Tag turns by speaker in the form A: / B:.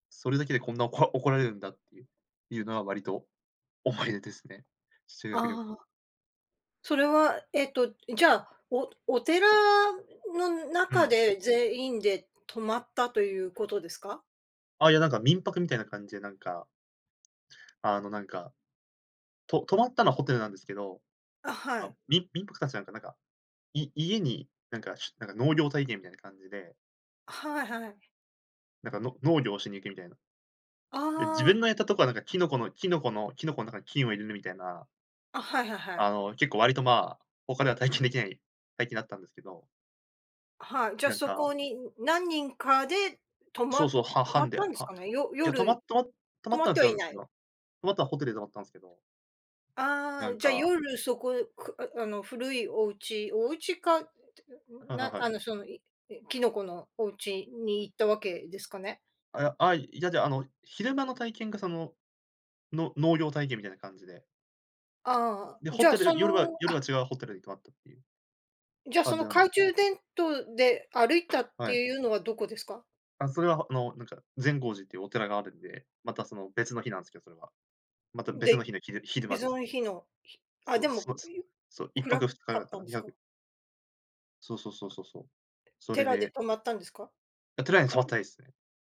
A: それだけでこんなおこ怒られるんだっていういうのは割と、思い出ですね、修学旅
B: あ
A: 行。
B: あ。それは、えっと、じゃあ、お寺の
A: う
B: 中
A: ん。
B: で全員で泊まったということですか？
A: ああ、いや、なんか、民泊みたいな感じでなんかあの、なんか、と泊まったのはホテルなんですけど、
B: あ、は
A: あ、
B: い。
A: 民民泊かたちなんか、なんか、い家に、なんか、しなんか農業体験みたいな感じで。
B: はいはい。
A: なんか、の農業をしに行くみたいな。で、自
B: あ
A: 分の
B: あ。
A: やったとこはなんか、キノコのキノコのキノコのなんか菌を入れるみたいな。
B: あ、はいはいは
A: あ
B: い。
A: の結構割と、まあ、他では体験できない体験だったんですけど。
B: はい、じゃ、
A: なん
B: そこ
A: か。
B: に、何人かで、泊
A: そ
B: ま
A: うそう、は
B: 泊まっ
A: 班で、
B: たんです
A: は
B: かね。よ
A: いや、泊まっ
B: 夜、
A: とま泊ま
B: 泊
A: っ
B: ま
A: た
B: っ
A: んは
B: ては
A: 違うん
B: い
A: です
B: な
A: け
B: い。
A: ど。泊まったのは、ホテルだったんですけど。
B: あ
A: な
B: あ、
A: ん
B: じゃ、
A: か。
B: 夜そこくあ、あの、古いお家お家か、
A: はいはい
B: な
A: は
B: あ
A: い。
B: の、その、いきのこのお家に行ったわけですかね？
A: あ、あ、いや、じゃあの昼間の体験がそのの農業体験みたいな感じで。
B: ああ、
A: で、
B: じ
A: ホ
B: ゃあ
A: テル
B: そ
A: 夜は
B: の、
A: 夜は
B: あ
A: 違うホテルに泊まったっていう
B: じゃ、そ
A: 感
B: の
A: じなんで
B: 懐
A: す。
B: 中電灯で歩いたって
A: はい。
B: いうのはどこですか？
A: あ、それは、あのなんか、善光寺っていうお寺があるんで、またその別の日なんすけど、それは。また別の
B: で、
A: 日の昼昼間
B: 別
A: ですね。
B: の日の日、あ、
A: そ
B: で
A: う
B: も、
A: そうそう、いっぱ
B: 暗
A: く
B: か
A: ふつかだ
B: っ
A: か
B: た
A: な、
B: んで
A: に
B: す
A: はく。
B: か？
A: そうそうそうそうそう、それ
B: 寺で
A: で
B: 泊まったんですか？
A: や、寺に泊ってないです。